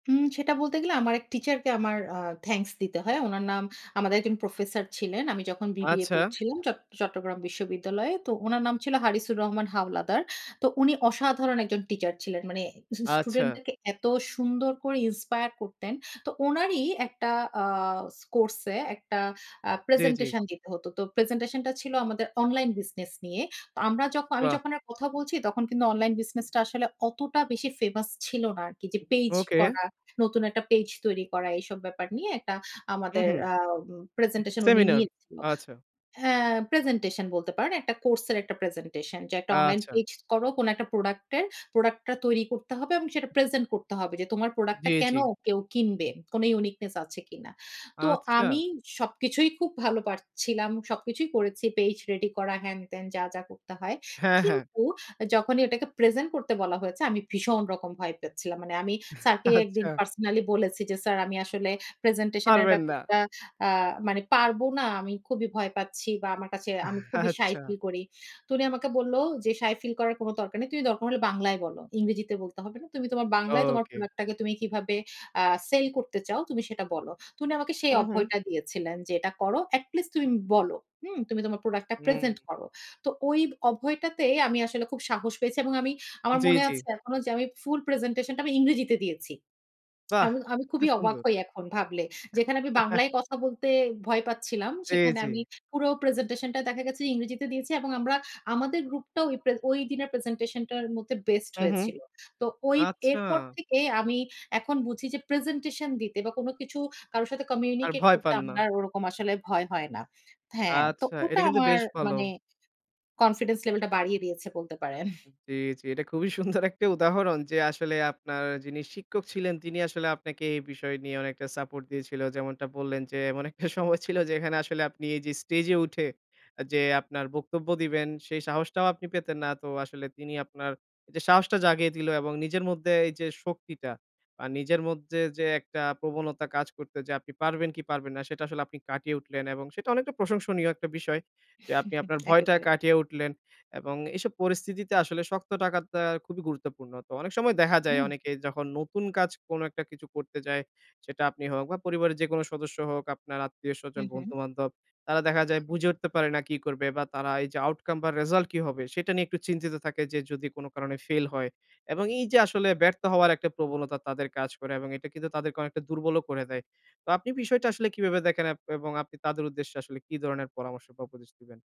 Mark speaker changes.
Speaker 1: উম সেটা বলতে গেলে আমার এক টিচারকে আমার আ থ্যাংকস দিতে হয়। উনার নাম, আমাদের একজন প্রফেসর ছিলেন। আমি যখন বিবিএ
Speaker 2: আচ্ছা।
Speaker 1: পড়ছিলাম চট চট্টগ্রাম বিশ্ববিদ্যালয়ে। তো উনার নাম ছিল 'হারিসুর রহমান হাওলাদার।' তো উনি অসাধারণ একজন টিচার ছিলেন। মানে
Speaker 2: আচ্ছা।
Speaker 1: স্টুডেন্টদেরকে এত সুন্দর করে inspire করতেন। তো উনারই একটা আ কোর্স এ একটা আ
Speaker 2: জি, জি।
Speaker 1: প্রেজেন্টেশন দিতে হত। তো প্রেজেন্টেশনটা ছিল আমাদের অনলাইন বিজনেস নিয়ে। তো আমরা যক আমি
Speaker 2: বাহ!
Speaker 1: যখন আর কথা বলছি তখন কিন্তু অনলাইন বিজনেসটা আসলে অতটা বেশি ফেমাস ছিল না, আরকি যে পেজ
Speaker 2: ওকে।
Speaker 1: করা, নতুন একটা পেজ তৈরি করা এইসব ব্যাপার নিয়ে একটা আমাদের
Speaker 2: উহু।
Speaker 1: আম প্রেজেন্টেশন উনি
Speaker 2: সেমিনার,
Speaker 1: নিয়েছিল।
Speaker 2: আচ্ছা।
Speaker 1: হ্যাঁ, প্রেজেন্টেশন বলতে পারেন। একটা কোর্স এর একটা প্রেজেন্টেশন। যে একটা অনলাইন
Speaker 2: আচ্ছা।
Speaker 1: পেজ করো, কোন একটা প্রোডাক্ট এর। প্রোডাক্টটা তৈরি করতে হবে এবং সেটা প্রেজেন্ট করতে হবে যে তোমার প্রোডাক্টটা
Speaker 2: জি,
Speaker 1: কেন
Speaker 2: জি।
Speaker 1: কেউ কিনবে? কোন uniqueness আছে কিনা। তো আমি
Speaker 2: আচ্ছা।
Speaker 1: সবকিছুই খুব ভালো পারছিলাম। সবকিছুই করেছি। পেজ রেডি করা হ্যান-ত্যান যা, যা করতে হয়।
Speaker 2: হ্যাঁ, হ্যাঁ।
Speaker 1: কিন্তু যখনই ওইটাকে প্রেজেন্ট করতে বলা হয়েছে আমি ভীষণ রকম ভয় পাচ্ছিলাম। মানে আমি স্যারকে একদিন
Speaker 2: আচ্ছা।
Speaker 1: পার্সোনালি বলেছি যে স্যার "আমি আসলে প্রেজেন্টেশন এর
Speaker 2: পারবেন না।
Speaker 1: ব্যাপারটা আ মানে পারব না। আমি খুবই ভয় পাচ্ছি বা আমার কাছে আমি খুবই সাই
Speaker 2: আচ্ছা।
Speaker 1: ফিল করি।" তো উনি আমাকে বলল যে "সাই ফিল করার কোন দরকার নেই। তুমি দরকার হলে বাংলায় বলো। ইংরেজিতে বলতে হবে না। তুমি তোমার বাংলায় তোমার
Speaker 2: ওকে।
Speaker 1: প্রোডাক্ট টাকে তুমি কিভাবে আ সেল করতে চাও তুমি সেটা বলো।" তো উনি আমাকে সেই
Speaker 2: হু, হু
Speaker 1: অভয়টা দিয়েছিলেন যে "এটা করো। at least তুমি বলো। হুম? 'তুমি তোমার প্রোডাক্ট টা
Speaker 2: হুম।
Speaker 1: প্রেজেন্ট করো।" তো ওই অভয়টাতেই আমি আসলে খুব সাহস পেয়েছি এবং আমি আমার
Speaker 2: জি,
Speaker 1: মনে
Speaker 2: জি।
Speaker 1: আছে এখনো যে আমি ফুল প্রেজেন্টেশনটা আমি ইংরেজিতে দিয়েছি।
Speaker 2: বাহ!
Speaker 1: আমি আমি
Speaker 2: এটা তো
Speaker 1: খুবই অবাক
Speaker 2: সুন্দর।
Speaker 1: হই এখন ভাবলে। যেখানে আমি বাংলায় কথা বলতে ভয় পাচ্ছিলাম।
Speaker 2: জি,
Speaker 1: সেখানে
Speaker 2: জি।
Speaker 1: আমি পুরো প্রেজেন্টেশন টা দেখা গেছে ইংরেজিতে দিয়েছি। এবং আমরা আমাদের গ্রুপটাও ওই প্রে ঐ দিনের প্রেজেন্টেশনটার মধ্যে বেস্ট
Speaker 2: হু, হু,
Speaker 1: হয়েছিল। তো ঐ
Speaker 2: আচ্ছা।
Speaker 1: এরপর থেকে আমি এখন বুঝি যে প্রেজেন্টেশন দিতে বা কোন কিছু কারো সাথে
Speaker 2: আর
Speaker 1: কমিউনিকেট
Speaker 2: ভয়
Speaker 1: করতে
Speaker 2: পান না।
Speaker 1: আমার আর ওরকম আসলে ভয় হয় না। হ্যাঁ, তো
Speaker 2: আচ্ছা
Speaker 1: ওটা
Speaker 2: এটা কিন্তু
Speaker 1: আমার
Speaker 2: বেশ ভালো।
Speaker 1: মানে confidence level টা বাড়িয়ে দিয়েছে বলতে পারেন।
Speaker 2: উ জি, জি। এটা খুবই সুন্দর একটা উদাহরণ যে আসলে আপনার যিনি শিক্ষক ছিলেন তিনি আসলে আপনাকে এই বিষয় নিয়ে অনেকটা সাপোর্ট দিয়েছিল। যেমনটা বললেন যে এমন একটা সময় ছিল যে এখানে আসলে আপনি এই যে স্টেজ এ উঠে যে, আপনার বক্তব্য দিবেন সেই সাহসটাও আপনি পেতেন না। তো আসলে তিনি আপনার যে সাহসটা জাগিয়ে দিলো এবং নিজের মধ্যে এই যে শক্তিটা বা নিজের মধ্যে, যে একটা প্রবণতা কাজ করত যে আপনি পারবেন কি পারবেন না সেটা আসলে আপনি কাটিয়ে উঠলেন এবং সেটা অনেকটা প্রশংসনীয় একটা বিষয় যে আপনি আপনার ভয়টা
Speaker 1: একেবারে।
Speaker 2: কাটিয়ে উঠলেন। এবং এসব পরিস্থিতিতে আসলে শক্ত থাকাটা খুবই গুরুত্বপূর্ণ। তো অনেক সময় দেখা যায়
Speaker 1: হুম।
Speaker 2: অনেকে যখন নতুন কাজ কোন একটা কিছু করতে যায়, সেটা আপনি হোক বা পরিবারের যেকোনো সদস্য হোক আপনার
Speaker 1: হু,
Speaker 2: আত্মীয়স্বজন
Speaker 1: হু।
Speaker 2: বন্ধু-বান্ধব। তারা দেখা যায় বুঝে উঠতে পারে না কি করবে বা তারা এই যে outcome বা রেজাল্ট কি হবে সেটা নিয়ে একটু চিন্তিত থাকে যে যদি কোন কারণে ফেইল হয়। এবং এই যে আসলে ব্যর্থ হওয়ার একটা প্রবণতা তাদের কাজ করে এবং এটা কিন্তু তাদেরকে অনেকটা দুর্বলও করে দেয়। তো আপনি বিষয়টা আসলে কিভাবে দেখেন, এব এবং আপনি তাদের উদ্দেশ্যে আসলে কি ধরনের পরামর্শ বা উপদেশ দিবেন?